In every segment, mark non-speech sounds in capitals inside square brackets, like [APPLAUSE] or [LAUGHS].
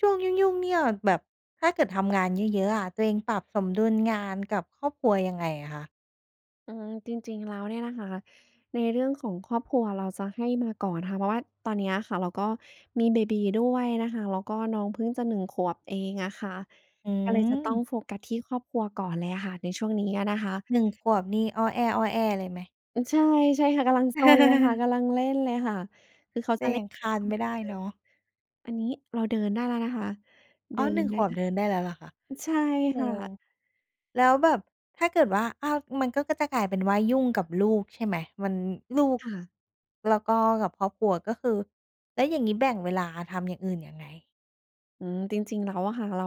ช่วงยุ่ง ๆ เนี่ย แบบถ้าเกิดทำงานเยอะ ๆ อะ ตัวเองปรับสมดุลงานกับครอบครัวยังไงอะคะ? อืม จริง ๆ แล้วเนี่ยนะคะ ในเรื่องของครอบครัวเราจะให้มาก่อนค่ะ เพราะว่าตอนเนี้ยค่ะเราก็มีเบบีด้วยนะคะ แล้วก็น้องพึ่งจะ 1 ขวบเองอะค่ะ อืก็เลยจะต้องม โฟกัสครอบครัวก่อนเลยค่ะในช่วงนี้อะนะคะ 1 ขวบนี่ อ้อแอ้ ๆ เลยไหม? อืม ใช่ ๆ ค่ะ กำลังซนเลยค่ะ [CHUCKLES] กำลังเล่นเลยค่ะ คือเขาก็จะเลย่ัน งคลานไม่ได้[UNINTELLIGIBLE] เลเนย าะ อันนี้เราเดินได้แล้วนะคะ เอด้ิอ หนนึ่ง ไดข้วแบล้เว ดินได้แล้วเหรอคะ? ใช่อือ เรค่็ว ะ แล้วแบบถ้าเกิดว่า อ้าว มันก็จะกลายเป็นว่ายุ่งกับลูกใช่ไหม? มัน ลูก ค่ะ แล้วก็กับครอบครัวก็คือ แล้วอย่างงี้แบ่งเวลาทำอย่างอื่นยังไง? อืม จริง ๆ แล้วอะค่ะเรา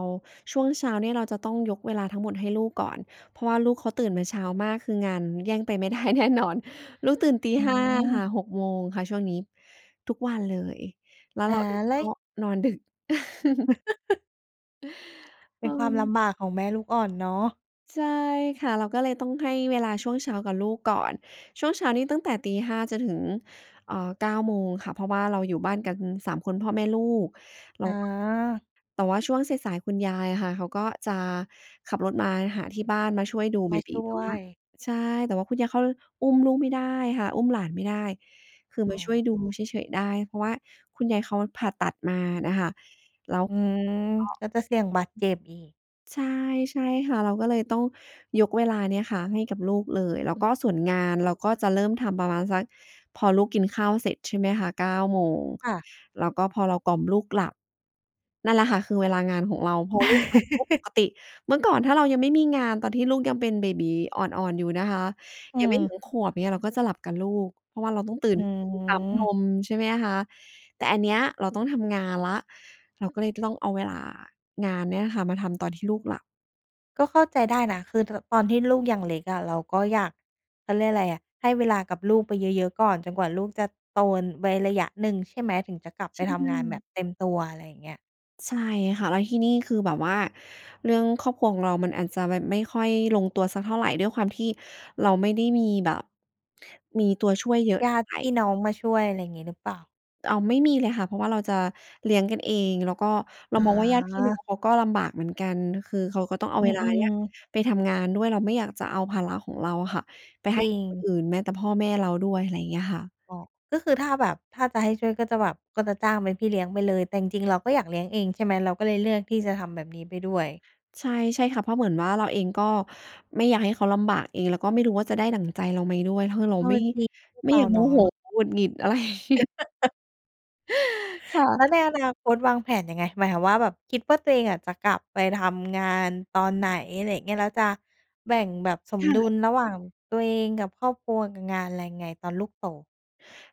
ช่วงเช้าเนี่ย เราจะต้องยกเวลาทั้งหมดให้ลูกก่อน เพราะว่าลูกเขาตื่นมาเช้ามาก คืองานแย่งไป ไม่ได้ แน่นอน ลูกตื่น ตีอ๋ห้า ค่อ ะ 6:00 ค่ะ ช่วงนี้ทุกวันเลย แล้วอา เราเองแล้ก็ว นอนดึก [CHUCKLES] [CHUCKLES] เป็นความลเออ ำบากของแม่ลูกอ่อนเนาะ ใช่ค่ะ เราก็เลยต้องให้เวลาช่วงเช้ากับลูกก่อน ช่วงเช้านี้ตั้งแต่ 5:00 จนถึง เอ่อ 9:00 ค่ะ เพราะว่าเราอยู่บ้านกัน 3 คน พ่อ แม่ ลูก เรอาา ก็ แต่ว่าช่วงสาย ๆ คุณยายค่ะ เขาก็จะขับรถมาหาที่บ้านมาช่วยดูมเบาบชี ่แต่วว่า ย ใช่ แต่ว่าคุณยายเขาอุ้มลูกไม่ได้ค่ะ อุ้มหลานไม่ได้ คืออม้าช่วยดูอ เฉย ๆ ได้ เพราะว่าคุณยายเขาผ่าตัดมาน่ะค่ะ แล้วอืก็ อ ก็จะเสี่ยงบาดเจ็บอีก ใช่ ใช่ค่ะ เราก็เลยต้องยกเวลาเนี้ยค่ะให้กับลูกเลย แล้วก็ส่วนงานเราก็จะเริ่มทำประมาณสัก พอลูกกินข้าวเสร็จใช่ไหมคะ 9:00 ค่ะ แล้วก็พอเรากล่อมลูกหลับ นั่นแหละค่ะคือเวลางานของเรา พอลูกหลับปุ๊บ ปกติเมื่อก่อนถ้าเรายังไม่มีงาน ตอนที่ลูกยังเป็นเบบีอ่อน ๆ อยู่นะคะ อืยังไม่ถึอ งขวบเนี่ยเราก็จะหลับกับลูก เพราะว่าเราต้องตื่อนขึ้นมาปั๊มนืม ม ใช่ไหมคะ แต่อันเนี้ยเราต้องทำงานแล้ว เราก็เลยจะต้องเอาเวลางานเนี่ยค่ะมาทำตอนที่ลูกหลับ ก็เข้าใจได้นะ คือเธอ ตอนที่ลูกยังเล็กอะเราก็อยาก เขาเรียกไรอะ ให้เวลากับลูกไปเยอะ ๆ ก่อนจนกว่าลูกจะโต ไว้ระยะหนึ่งใช่ไหม? ถึงจะกลับใไชปทำงานแบบ่ เต็มตัว ไรเงี้ย ใช่ค่ะ แล้วที่นี่คือแบบว่าเรื่องครอบครัวของเรามันอาจจะแบบไม่ค่อยลงตัวสักเท่าไร ด้วยความที่เราไม่ได้มีแบบ มีตัวช่วยเยอะญเทา่าติ ไร พี่น้องมาช่วย อะไรงี้หรือเปล่า? เอาไม่มีเลยค่ะ เพราะว่าเราจะเลี้ยงกันเอง แล้วก็เราอมองว่าญาติพี่น้อา งเขาก็ลำบากเหมือนกัน คือเขาก็ต้องเอาอืเวลาเนีอ ้ยๆ ไปทำงานด้วย เราไม่อยากจะเอาภาระของเราค่ะไปจให้ริกับคนง อื่น แม้แต่พ่อแม่เราด้วย ไรเงี้ยค่ะ อ๋อ ก็คือถ้าแบบ ถ้าจะให้ช่วยก็จะแบบก็จะจ้างเป็นพี่เลี้ยงไปเลย แต่จริง ๆ เราก็อยากเลี้ยงเองใช่ไหม เราก็เลยเลือกที่จะทำแบบนี้ไปด้วย? ใช่ ใช่ค่ะ เพราะเหมือนว่าเราเองก็ไม่อยากให้เขาลำบากเอง แล้วก็ไม่รู้ว่าจะได้ดั่งใจเราไหมด้วย ถ้าเกิดเรเาอไมอ ่ จริง ลูกไม่เรอายากโเมนาโหะ หงุดหงิด อะไรงี้ [LAUGHS] ค่แล้ะ วในอนาคตวางแผนยังไง? หมายความว่าแบบคิดว่าตัวเองอะจะกลับไปทำงานตอนไหน อะไรเงี้ย? แล้วจะแบ่งแบบสมค่ดุะ ลระหว่างตัวเองกับครอบครัวกับงานไรไง ตอนลูกโต?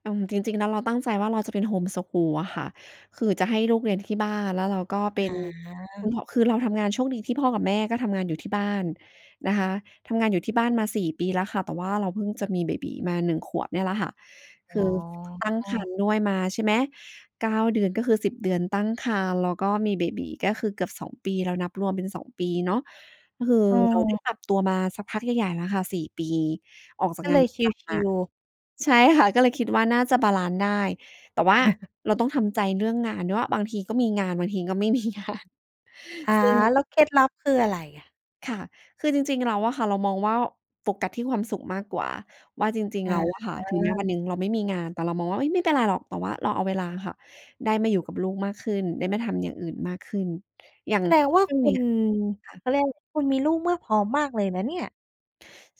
อืม จริง ๆ แล้วเราตั้งใจว่าเราจะเป็นโฮมสกูลอะค่ะ คือจะให้ลูกเรียนที่บ้าน แล้วเราก็เปอ็น า [UNINTELLIGIBLE] คือเราทำงาน โชคดีที่พ่อกับแม่ก็ทำงานอยู่ที่บ้านนะคะ ทำงานอยู่ที่บ้านมา 4 ปีแแล้วค่ะ แต่ว่าเราพึ่งจะมีเบบีมา 1 ขวบเนี่ยล่ะค่ะ อค๋ือตั้งครอ รภ์ด้วยมาใช่ไหม 9 เดือน ก็คือ 10 เดือนตั้งครรภ์ แล้วก็มีเบบีก็คือเกือบ 2 ปีแล้ว นับรวมเป็น 2 ปีเนาะ ก็คือเราไดเอ้อ ปรับตัวมาสักพักใหญ่ ๆ แล้วค่ะ 4 ปี ออกจากก็งเาลนยปรชะจำมิา ล ๆ ใช่ค่ะ ก็เลยคิดว่าน่าจะบาลันซ์ได้ แต่ว่า[CHUCKLES] เราต้องทำใจเรื่องงานด้วยว่า บางทีก็มีงาน บางทีก็ไม่ มีงาน อา ซึ่ง แล้วเคล็ดลับคืออะไรอะ? ค่ะ คือจริง ๆ แล้วอะค่ะ เรามองว่าโฟกัสที่ความสุขมากกว่า ว่าจริง อๆ แล้า วอะค่ะ ถึงแม้วันหนึ่งเราไม่มีงาน แต่เรามองว่า เฮ้ย ไม่เป็นไรหรอก แต่ว่าเราเอาเวลาค่ะได้มาอยู่กับลูกมากขึ้น ได้มาทำอย่างอื่นมากขึ้น อย่างแสดงว่าช่วงคุเนี้ณ ย ค่ะ เขาเรียก คุณมีลูกเมื่อพร้อมมากเลยนะเนี่ย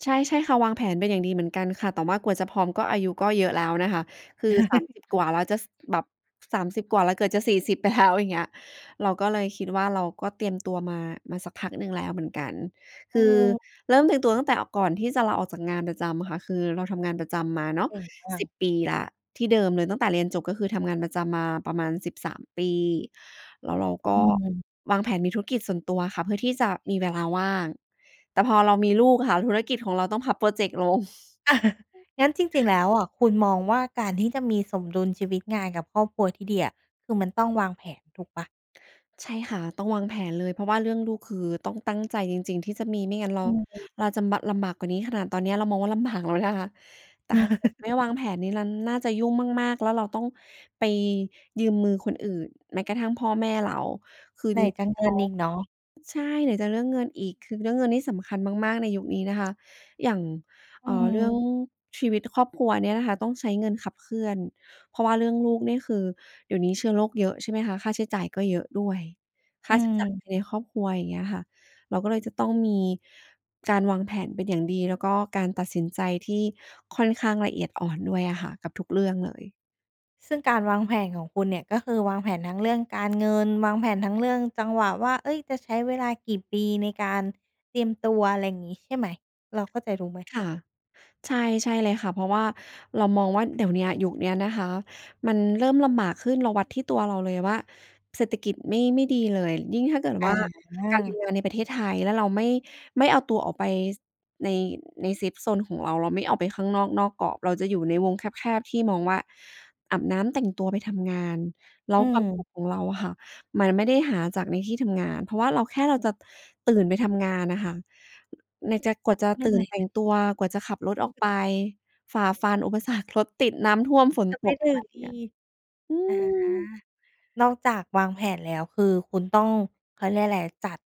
ใช่ ๆ ค่ะ วางแผนเป็นอย่างดีเหมือนกันค่ะ แต่ว่ากว่าจะพร้อมก็อายุก็เยอะแล้วนะคะ คือ 30 ก[CHUCKLES] ว่าแล้วจะ ส แบบ 30 กว่าแล้วเกือบจะ 40 ไปแล้ว อย่างเงี้ย เราก็เลยคิดว่าเราก็เตรียมตัวมา มาสักพักหนึ่งแล้วเหมือนกัน เคอือเริ่มเตรียมตัอ วตั้งแต่ออก ก่อนที่จะลาออกจากงานประจำค่ะ คือเราทำงานประจำมาเนาเะ ก่งจัสง ิบ ปีแล้วที่เดิมเลย ตั้งแต่เรียนจบก็คือทำงานประจำมาประมาณ 13 ปี แล้วเรากอื็ม วางแผนมีธุรกิจส่วนตัวค่ะ เพื่อที่จะมีเวลาว่าง แต่พอเรามีลูกค่ะ ธุรกิจของเราต้องพับพรอเจกต์ลง [CHUCKLES] งั้นจริง ๆ แล้วอะ คุณมองว่าการที่จะมีสมดุลชีวิตงานกับครอบครัวที่ดีอะ คือมันต้องวางแผนถูกเปล่า? ใช่ค่ะ ต้องวางแผนเลย เพราะว่าเรื่องลูกคือต้องตั้งใจจริง ๆ ที่จะมี ไม่งั้นเรา อืม เราจำบะ ลำบากกว่านี้ ขนาดตอนเนี้ยเรามองว่าลำบากแล้วนะคะ แต่ถ้าเกิดไม่ว[CHUCKLES] างแผนนี่นั่น น่าจะยุ่งมาก ๆ แล้วเราต้องไปยืมมือคนอื่น แม้กระทั่งพ่อแม่เรา คือไหนจรกิาง รเๆ งเขิา นอีกเนาะ ใช่ ไหนจะเรื่องเงินอีก คือเรื่องเงินนี่สำคัญมาก ๆ ในยุคนี้นะคะ อย่าง อเือ่อ เรื่องม ชีวิตครอบครัวเนี้ยนะคะต้องใช้เงินขับเคลื่อน เพราะว่าเรื่องลูกนี่ คือเดี๋ยวนี้เชื้อโรคเยอะ ใช่ไหมคะ ค่าใช้จ่ายก็เยอะด้วย คอื่าใช้จ่ายม ในครอบครัว อย่างเงี้ยค่ะ เราก็เลยจะต้องมีการวางแผนเป็นอย่างดี แล้วก็การตัดสินใจที่ค่อนข้างละเอียดอ่อนด้วยอะค่ะ กับทุกเรื่องเลย ซึ่งการวางแผนของคุณเนี่ย ก็คือวางแผนทั้งเรื่องการเงิน วางแผนทั้งเรื่องจังหวะว่า เฮ้ย จะใช้เวลากี่ปีในการเตรียมตัว ไรงี้ใช่ไหม เราเข้าใจถูกไหม? ค่ะ ใช่ ใช่เลยค่ะ เพราะว่าเรามองว่าเดี๋ยวเนี้ย ยุคเนี้ยนะคะ มันเริ่มลำบากขึ้น เราวัดที่ตัวเราเลยว่าเศรษฐกิจไม่ ไม่ดีเลย ยิ่งถ้าเกิดวอ่าการมีา งานในประเทศไทย แล้วเราไม่ ไม่เอาตัวออกไป ส ใน ในเซฟโซนของเรา เราไม่ออกไปข้างนอก นอกกรอบ เราจะอยู่ในวงแคบ ๆ ที่มองว่า อาบน้ำ แต่งตัว ไปทำงาน แล้อวืความสุม ขของเราค่ะ มันไม่ได้หาจากในที่ทำงาน เพราะว่าเราแค่เราจะตื่นไปทำงานน่ะค่ะ ไหนจะกว่าจะเหนื่อตยืไ่หม? นแต่งตัว กว่าจะขับรถออกไป ฝ่าฟันอุปสรรค รถติด น้ำท่วม ฝนจะไตปกถึมงาอเนี ี่ย อือา ม นอกจากวางแผนแล้วคือคุณต้อง เขาเรียกไร จัด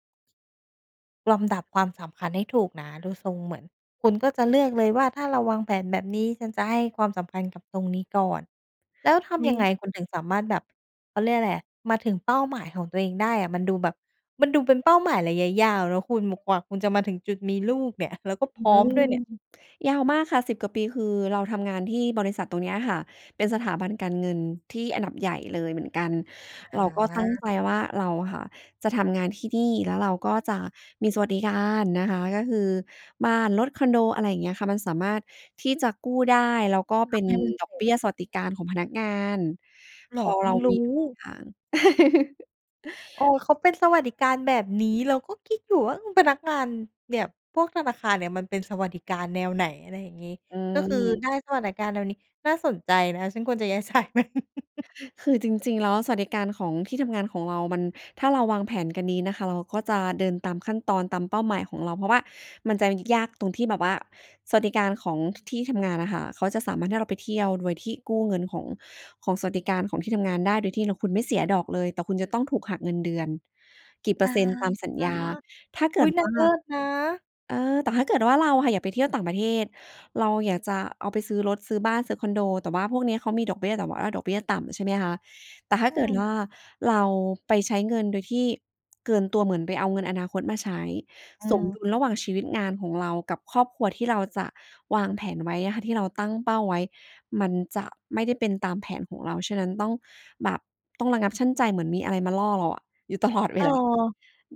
ลำดับความสำคัญให้ถูกนะ ดูทรงเหมือนคุณก็จะเลือกเลยว่า ถ้าเราวางแผนแบบนี้ฉันจะให้ความสำคัญกับตรงนี้ก่อน แล้วทไมำย่ ังไงค คุณถึงสามารถแบบ เขาเรียกไรอะ มาถึงเป้าหมายของตัวเองได้อะ? มันดูแบบ มันดูเป็นเป้าหมายระยะยาว แล้วคุณบอกว่าคุณจะมาถึงจุดมีลูกเนี่ย แล้วก็พอืรอฮ้อืมด้วยเอ นี่ย? ยาวมากค่ะ 10 กว่าปีคือเราทำงานที่บริษัทตรงเนี้ยค่ะ เป็นสถาบันการเงินที่อันดับใหญ่เลยเหมือนกัน อเราก็ตั้งา ใจว่าเราค่ะ จะทำงานที่นี่แล้วเราก็จะมีสวัสดิการนะคะ ก็คือบ้าน รถ คอนโด อะไรเงี้ยค่ะ มันสามารถที่จะกู้ได้ แล้วก็ทเป็ำนให้มันเดอสกร็เบจ ี้ยสวัสดิการของพนักงาน เหรพอ อพึเ่รางรูม้ ีทุกอย่าง [CHUCKLES] โอ้โฮ เขาเป็นสวัสดิการแบบนี้เราก็คิดอยู่ว่า อืม พนักงานเนี่ย พวกธนาคารเนี่ย มันเป็นสวัสดิการแนวไหน อะไรอย่างงี้ อืก็คือม ได้สวัสดิการแนวนี้น่าสนใจนะ ฉันควรจะอยาก ใช้มัน [CHUCKLES] คือจริง ๆ แล้วอะสวัสดิการของที่ทำงานของเรามัน ถ้าเราวางแผนกันดีนะคะ เราก็จะเดินตามขั้นตอนตามเป้าหมายของเรา เพราะว่ามันจะยากตรงที่แบบว่าสวัสดิการของ ท ที่ทำงานอะค่ะ เขาจะสามารถให้เราไปเที่ยวโดยที่กู้เงินของ ของสวัสดิการของที่ทำงานได้ โดยที่แล้วคุณไม่เสียดอกเลย แต่คุณจะต้องถูกหักเงินเดือนกี่เปออะร์เซ็นต์ตามสัญฮะ ญา ถ้าเอกุ๊ิย ดนวา่งา เลิศนะ เออ แต่ถ้าเกิดว่าเราค่ะอยากไปเที่ยวต่างประเทศ เราอยากจะเอาไปซื้อรถ ซื้อบ้าน ซื้อคอนโด แต่ว่าพวกเนี้ยเขามีดอกเบี้ย แต่ว่าดอกเบี้ยต่ำ ใช่ไหมคะ แต่ถ้าอืเกิดวม ่า เราไปใช้เงินโดยที่เกินตัว เหมือนไปเอาเงินอนาคตมาใช้ อืสมม ดุลระหว่างชีวิตงานของเรากับครอบครัวที่เราจะวางแผนไว้ค่ะ ที่เราตั้งเป้าไว้ มันจะไม่ได้เป็นตามแผนของเรา ฉะนั้นต้อง แบบต้องระงับชั่งใจเหมือนมีอะไรมาล่อเราอะอยู่ตลอดเเวออ ลา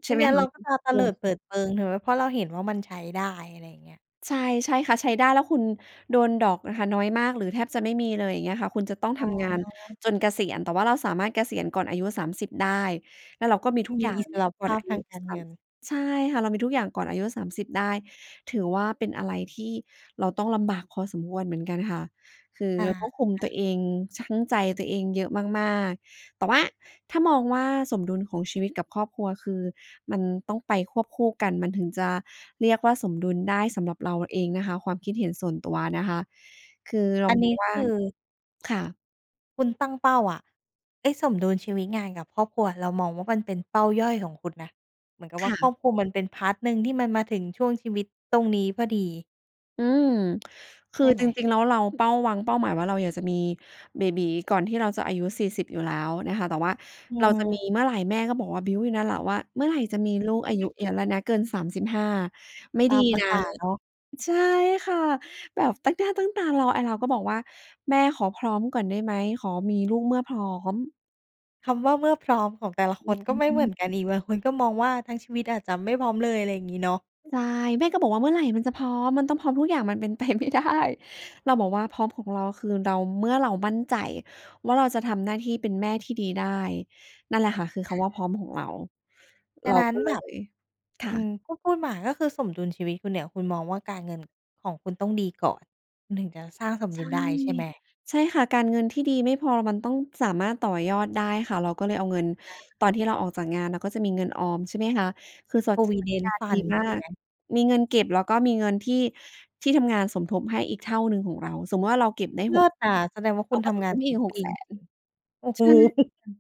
ไใมช่่ไหมงั้นคเระ าก็จะเตอืลิดเปิม ดเปิง ถึงแบบ เพราะเราเห็นว่ามันใช้ได้ อะไรเงี้ย ใช่ ใช่ค่ะ ใช้ได้แล้วคุณโดนดอกนะคะน้อยมากหรือแทบจะไม่เลย เงี้ยคะ คุณจะต้องอทำงานา จนเกษียณ แต่ว่าเราสามารถเกษียณก่อนอายุ 30 ได้ แล้วเราก็มีทุกมอยี่าอิงสระก่ภอนาอพายทุ างการสาเงมิน สิบ ใช่ค่ะ เรามีทุกอย่างก่อนอายุ 30 ได้ ถือว่าเป็นอะไรที่เราต้องลำบากพอสมควรเหมือนกันค่ะ คืออเราก็คุมตัา วเอง ชั่งใจตัวเองเยอะมาก ๆ แต่ว่าถ้ามองว่า สมดุลของชีวิตกับครอบครัว คือมันต้องไปควบคู่กัน มันถึงจะเรียกว่าสมดุลได้ สำหรับเราเองนะคะ ความคิดเห็นส่วนตัวนะคะ คือเรอาันมนี้องว่คา ือ ค่ะ คุณตั้งเป้าอะ ไอ้สมดุลชีวิตงานกับครอบครัวเรามองว่ามันเป็นเป้าย่อยของคุณนะ เหมือนกับคว่า่คระ อบครัวมันเป็น พาร์ต หนึ่งที่มันมาถึงช่วงชีวิตตรงนี้พอดี อืม คใชือ่ไจหม? ริง ๆ แล้วเรา เป้า วางเป้าหมายไว้เราอยากจะมีเบบีก่อนที่เราจะอายุ 40 อยู่แล้วนะคะ แต่ว่าอืเราจะมีม เมื่อไหร่ แม่ก็บอกว่าบิ้วอยู่เนี่ยล่ะว่า เมื่อไหร่จะมีลูก อายุเยอะแล้วนะ [CHUCKLES] เกิน 35 ไม่ตดีามประนะ สาเนาะ ใช่ค่ะ แบบตั้งหน้าตั้งตารอ ไอ้เราก็บอกว่า แม่ขอพร้อมก่อนได้ไหม ขอมีลูกเมื่อพร้อม คำว่าเมื่อพร้อมของแต่ละอคืนก็ไม่เหมือม นกันอีก บางคนก็มองว่าทั้งชีวิตอาจจะไม่พร้อมเลย อะไรงี้เนาะ ใช่ แม่ก็บอกว่าเมื่อไหร่มันจะพร้อม มันต้องพร้อมทุกอย่างมัน เป็นไปไม่ได้ เราบอกว่าพร้อมของเราคือเรา เมื่อเรามั่นใจว่า เราจะทำหน้าที่เป็นแม่ที่ดีได้ นั่นแหละค่ะคือคอำว่าพา ร้อมของเรา ฉเระานั้นก็เแลบบ ย ค่อืม ะ ก็พูดมาก็คือสมดุลชีวิตคุณเนี่ย คุณมองว่าการเงินของคุณต้องดีก่อน คุณถึงจะสร้างสมใดชุ่ ลได้ ใช่ไหม? ใช่ค่ะ การเงินที่ดีไม่พอ มันต้องสามารถต่อยอดได้ค่ะ เราก็เลยเอาเงินค่ตอะ นที่เราออกจากงาน เราก็จะมีเงินออม ใช่ไหมคะ คือสวัสดิ สวัสดิกProvident ารดีFund มาใช่ไก หม? มีเงินเก็บ แล้วก็มีเงินที่ที่ทำงานสมทบให้อีกเท่าหนึ่งของเรา สมมุติว่าเราเก็บได้ เล6 ิศอะ แสดงว่าเคขุาณกท็สำมงาทนบให้ครอีบก หปกีแสจน ริง ๆ โอ้โใฮ! ช่ อืม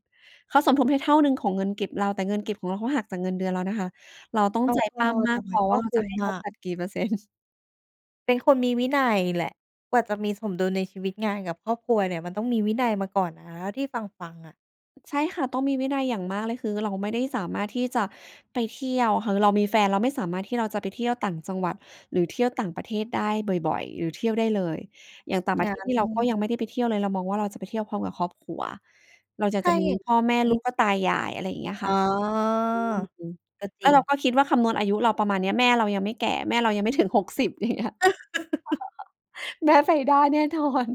เขาสมทบให้เท่าหนึ่งของเงินเก็บเรา แต่เงินเก็บของเรา เขาหักจากเงินเดือนเรานะคะ เราต้องเราใจกป็ ล้ำมแตา่กพมันอกว่็าเราคุจ้ะมให้เขอาะ ตัดกี่เปอร์ เซ็นต์ เป็นคนมีวินัยแหละ กว่าจะมีสมดุลในชีวิตงานกับครอบครัวเนี่ยมันต้องมีวินัยมาก่อนนะที่ฟัง ๆ อะ ใช่ค่ะ ต้องมีวินัยอย่างมากเลย คือเราไม่ได้สามารถที่จะไปเที่ยว คือเรามีแฟนเราไม่สามารถที่เราจะไปเที่ยวต่างจังหวัด หรือเที่ยวต่างประเทศได้บ่อย ๆ หรือเที่ยวได้เลย อย่างต่างประงเัท้ศนี่เราก็น ยังไม่ได้ไปเที่ยวเลย เรามองว่าเราจะไปเที่ยวพร้อมกับครอบครัว เราอยาถกจ้าะมี อย่างพ่อ แม่ งีลู้ ก แล้วก็ตา ยาย อะไรเงี้ยคอ๋่อ ะ อืม ก็จแลร้ิวเรง าก็คิดว่าคำนวณอายุเราประมาณเนี้ย แม่เรายังไม่แก่ แม่เรายังไม่ถึง 60 อย่างเงี้ย [LAUGHS] [CHUCKLES] แม่ไปได้แน่นอน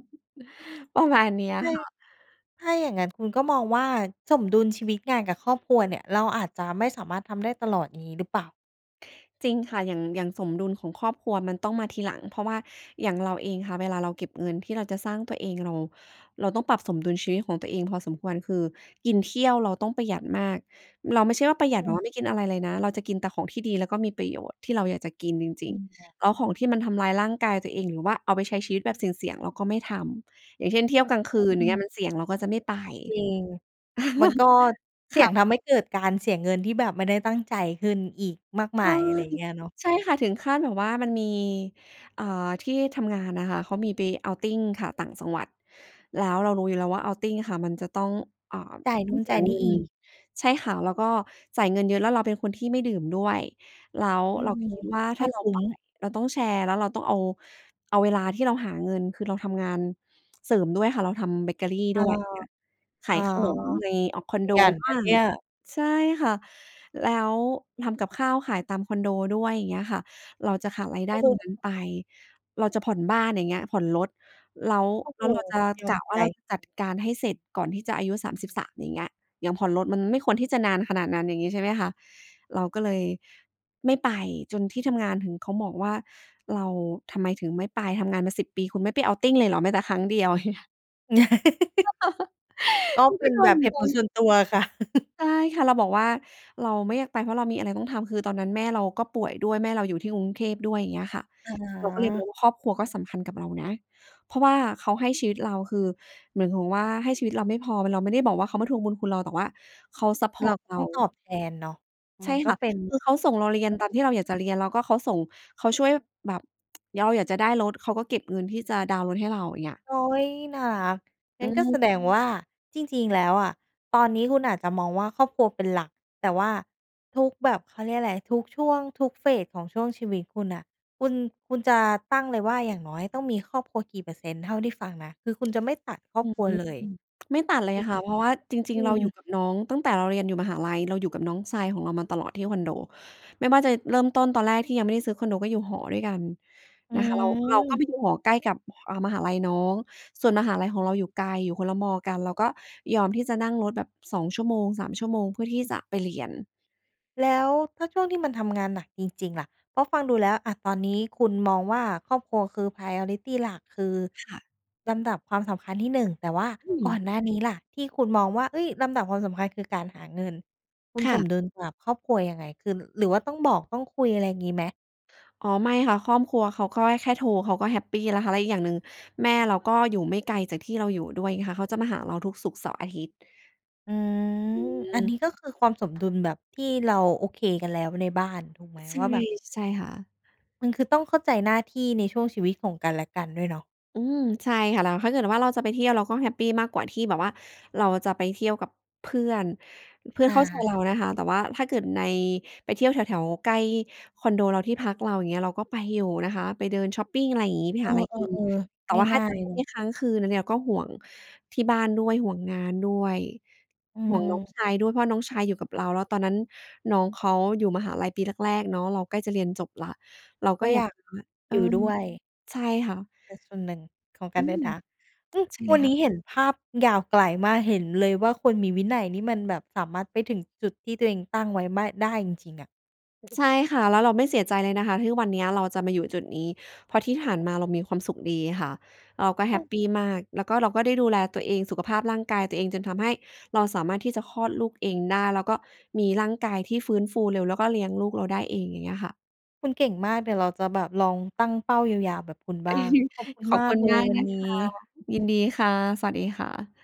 ประมาณเนี้ยจริคง ่ะ ถ้าอย่างงั้นคุณก็มองว่าสมดุลชีวิตงานกับครอบครัวเนี่ย เราอาจจะไม่สามารถทำได้ตลอด งี้หรือเปล่า? จริงค่ะ อย่าง อย่างสมดุลของครอบครัวมันต้องมาทีหลัง เพราะว่าอย่างเราเองค่ะ เวลาเราเก็บเงินที่เราจะสร้างตัวเอง เรา เราต้องปรับสมดุลชีวิตของตัวเองพอสมควร คือกินเที่ยวเราต้องประหยัดมาก เราไม่ใช่ว่าประหยอืัดแบบว่าม ไม่กินอะไรเลยนะ เราจะกินแต่ของที่ดีแล้วก็มีประโยชน์ ที่เราอยากจะกินจริอง ืม ค่ะ ๆ แล้วของที่มันทำร้ายร่างกายตัวเอง หรือว่าเอาไปใช้ชีวิตแบบเสี่ยง ๆ เราก็ไม่ทำ อย่างเช่น เที่ยวกลางคก็ืน นี่เงไี้ย ง มันเสี่ยงเราก็จะไม่ไป จริง มันก[CHUCKLES] ็เสคี่ย่งะ ทำให้เกิดการเสียเงินที่แบบไม่ได้ตั้งใจขึ้นอีกมากมใชา่ ย อะไรเงี้ยเนาะ ใช่ค่ะ ถึงขั้นแบบว่ามันมี เอ่อ ที่ทำงานนะคะ เขามีไป outing ค่ะ ต่างจังหวัด แล้วเรารู้อยู่แล้วว่า outing ค่ะ มันจะต้อง อ่า จ่ายตนู้อง่นเสจี่ายยนเงี่ิน อีก ใช่ค่ะ แล้วก็จ่ายเงินเยอะ แล้วเราเป็นคนที่ไม่ดื่มด้วย แล้วอืเราม ก็คิดว่าไมถ่้าเราคุ้ไปม เราต้องแชร์ แล้วเราต้องเอา เอาเวลาที่เราหาเงินคือเราทำงานเสริมด้วยค่ะ เราทำเบเกอรีเอดอ ้วย ขอา๋อ ยขนมใน อ่า คอนขโดยันบน้ะาเง นี่ย ใช่ค่ะ แล้วทำกับข้าวขายตามคอนโดด้วย อย่างเงี้ยค่ะ เราจะขาดรายไดก็้เลตยรงแบนั้บ นไป [UNINTELLIGIBLE] เราจะผ่อนบ้าน อย่างเงี้ย ผ่อนรถ แล้ว โอ้แโลฮ ้วเราจะ ยอกมะวใ่าเราจ จัดการให้เสร็จก่อนที่จะอายุ 33 อย่างเงี้ย อย่างผ่อนรถมันไม่ควรที่จะนานขนาดนั้น อย่างงี้ ใช่ไหมคะ เราก็เลยไม่ไปจนที่ทำงานถึงเขาบอกว่า เราทำไมถึงไม่ไป ทำงานมา 10 ปีคุณไม่ไป outing เลยเหรอแม้แต่ครั้งเดียว เงี้ย [CHUCKLES] ก[CHUCKLES] ็ถึงเปก็ับนโดแบนบเหตบุผ่ลน ส่วนตัวอะค่ะ [CHUCKLES] ใช่ค่ะ เราบอกว่าเราไม่อยากไป เพราะเรามีอะไรต้องทำ คือตอนนั้นแม่เราก็ป่วยด้วย แม่เราอยู่ที่กรุงเทพด้วย เงี้ยค่ะ อเราก็เลยมอา งว่า ครอบครัวก็สำคัญกับเรานะ เพราะว่าเขาให้ชีวิตเรา คือหมายความว่าให้ชีวิตเราไม่พอ เราไม่ได้บอกว่าเขามาทวงบุญคุณเรา แต่ว่าเขาซัปพเอรรา์ตเรต้า องตอบแทนเนาะ ใมชั่นก็ค่ะ เป็นเหคมืืออนเขาส่งเราเรีเยรืน่องตาปมกที่เราอตยากจิ ะเรียน แล้วก็เขาส่ง เขาช่วยแบบ [TSK] เราอยากจะได้รถ เขาก็เก็บเงินที่จะดาวน์รถให้เรา อย่างเงี้ย อุ๊ย น่ารัก งอัื้นก็แสม ดงว่า จริง ๆ แล้วอะตอนนี้คุณอาจจะมองว่าครอบครัวเป็นหลัก แต่ว่าทุกแบบ เขาเรียกไร ทุกช่วง ทุก Phase ของช่วงชีวิตคุณน่ะ คุณ คุณจะตั้งเลยว่าอย่างน้อยต้องมีครอบครัวกี่เปอร์เซ็นต์ เท่าที่ฟังนะ คือคุณจะไม่ตัดครออบืคอรัฮวึ เลย อืม ไม่ตัดเลถยูกไคห่ม? ะ เพราะว่าจริอืง ๆ เราอยู่ม กับน้อง ตั้งแต่เราเรียนอยู่มหาลัย เราอยู่กับน้องชายของเรามาตลอดที่คอนโด ไม่ว่าจะเริ่มต้นตอนแรกที่ยังไม่ได้ซื้อคอนโดก็อยู่หอด้วยกันอืนะคะ เรา เราก็ไปอ ดูหอที่อยู่ใกล้กับ เอ่อ มหาลัยน้อง ส่วนมหาลัยของเราอยู่ไกล อยู่คนละมอกัน เราก็ยอมที่จะนั่งรถแบบ 2 ชั่วโมง 3 ชั่วโมง เพื่อที่จะไปเรียน แล้วถ้าช่วงที่มันทำงานหนักจริง ๆ ล่ะ เพราะฟังดูแล้ว อ่า ตอนนี้คุณมองว่าครอบครัวคือ Priority หลัก คือค่ะ ลำดับความสำคัญที่ 1 แต่ว่าอืก่ออ นหน้านี้ล่ะที่คุณมองว่า เฮ้ย ลำดับความสำคัญคือการหาเงิน คุณค่สมะ ดุลกับครอบครัวยังไง คือ หรือว่าต้องบอก ต้องคุย อะไรงี้ไหม? อ๋อ ไม่ค่ะ ครอบครัวเขาก็ให้แค่โทร เขาก็แฮปปีแล้วค่ะ แล้วอีกอย่างหนึ่งแม่เราก็อยู่ไม่ไกลจากที่เราอยู่ด้วยค่ะ เขาจะมาหาเราทุกศุกร์ เสาร์ อาทิตย์ อืม อือันนี้ม ก็คือความสมดุลแบบที่เราโอเคกันแล้วในบ้าน ถูกไหม? ใช่ ว่าแบบ ใช่ค่ะ มันคือต้องเข้าใจหน้าที่ในช่วงชีวิตของกันและกันด้วยเนาะ อือ ใช่ค่ะ แล้วถ้าเกิดว่าเราจะไปเที่ยว เราก็แฮปปีมากกว่าที่แบบว่าเราจะไปเที่ยวกับเพื่อน เพื่ออนเขา ้าใจเรานะคะ แต่ว่าถ้าเกิดใน ไปเที่ยวแถว ๆ ใกล้คอนโดเรา ที่พักเราเงี้ย เราก็ไปอยู่นะคะ ไปเดินช็อปปิง อะไรงี้ ไปเอหาไรกิน อ แต่ๆ ว่าๆ ถง้า่าย จะไปๆ เลเที่ย ยวค้างคืน อันนี้ เราก็ห่วงที่บ้านด้วย ห่วงงานด้วย อืห่วงน้องม ชายด้วย เพราะน้องชายอยู่กับเรา แล้วตอนนั้นน้องเขาอยู่มหาลัยปีแรก ๆ เนาะ เราใกล้จะเรียนจบแล้ว เรากก็็อยอยากากแบบว่า เออยอ ู่ด้วย ใช่ค่ะ เป็นส่วนหนึ่งของกอัืนด้วม ยนะ อือ ใช่เวลัยนคน่ะ ี้เห็นภาพยาวไกลมาก เห็นเลยว่าคนมีวินัยนี่มันแบบสามารถไปถึงจุดที่ตัวเองตั้งไว้ไม่ ได้จริง ๆ อะ ใช่ค่ะ แล้วเราไม่เสียใจเลยนะคะ ทุกวันเนี้ยเราจะมาอยู่จุดนี้ เพราะที่ผ่านมาเรามีความสุขดีค่ะ แล้วก็แอฮือ ปปีมาก แล้วก็เราก็ได้ดูแลตัวเอง สุขภาพร่างกายตัวเอง จนทำให้เราสามารถที่จะคลอดลูกเองได้ แล้วก็มีร่างกายที่ฟื้นฟูเร็ว แล้วก็เลี้ยงลูกเราได้เอง อย่างเงี้ยค่ะ คุณเก่งมาก เดี๋ยวเราจะแบบลองตั้งเป้ายาว ๆ แบบคุณบ้าง ขอบค[CHUCKLES] ุณขอมบาคุกณเลมยากวันนะนี้ คะ ยินดีค่ะ สวัสดีค่ะ